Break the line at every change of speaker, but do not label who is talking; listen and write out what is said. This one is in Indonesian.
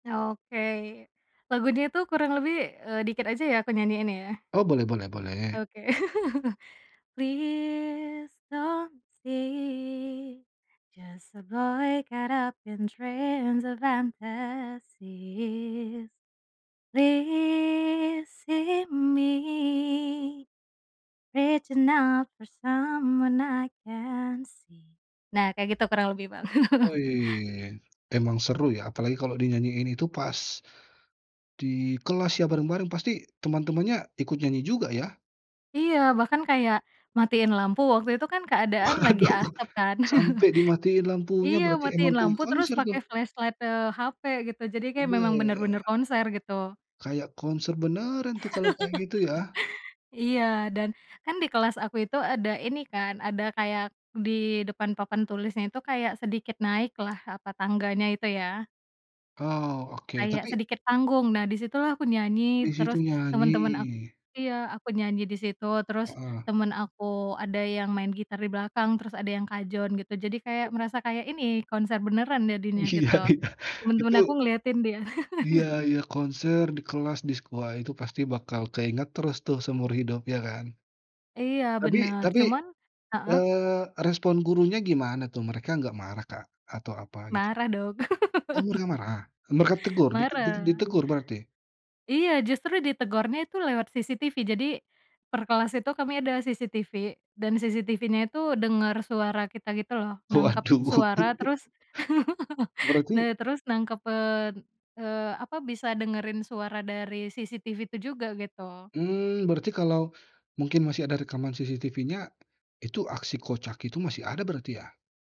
Oke. Lagu dia tuh kurang lebih, eee, dikit aja ya kunyanyiin ya?
Oh boleh boleh boleh.
Oke. Please, don't see. Just a boy caught up in dreams and fantasies. Please, see me. Reaching out for someone I can't see. Nah kayak gitu kurang lebih Bang.
Wih emang seru ya? Apalagi kalau dinyanyiin itu pas, di kelas ya bareng-bareng pasti teman-temannya ikut nyanyi juga ya?
Iya bahkan kayak, matiin lampu waktu itu kan keadaan lagi
Waduh!
asap kan,
Sampai dimatiin lampunya
iya
berarti emang
matiin
kayak
lampu terus
konser
pakai
tuh.
flashlight-nya hape gitu jadi kayak memang bener-bener
Weh.
konser gitu.
Kayak konser beneran tuh kalau kayak gitu ya.
Iya dan, kan di kelas aku itu ada ini kan ada kayak di depan papan tulisnya itu kayak sedikit naik lah apa tangganya itu ya.
Oh oke
Kayak
tapi
sedikit panggung nah di situ lah aku nyanyi
Di situ
terus, temen-temen aku
nyanyi.
iya aku nyanyi di situ terus,
Heeh.
temen aku ada yang main gitar di belakang, terus ada yang kajon gitu jadi kayak
[unintelligible]
merasa kayak ini konser beneran jadinya
Iya
gitu.
iya. Itu
Temen-temen aku ngeliatin dia.
Iya iya konser di kelas, di sekolah itu pasti bakal keinget terus tuh seumur hidup iya kan?
Iya
Tapi
benar
tapi,
cuman heeh?
eee, respon gurunya gimana tuh? Mereka nggak marah Kak? Atau apa gitu?
Marah dong.
Oh mereka marah mereka tegur? dite dite
Marah.
ditegur berarti?
Iya justru ditegornya itu lewat CCTV jadi, perkelas itu kami ada CCTV, dan CCTVnya itu denger suara kita gitu loh nangkep
Waduh!
suara terus, nah
Berarti
terus nangkep, eee, apa bisa dengerin suara dari CCTV itu juga gitu.
Mmm, berarti kalau, mungkin masih ada rekaman CCTVnya, itu aksi kocak itu masih ada berarti ya?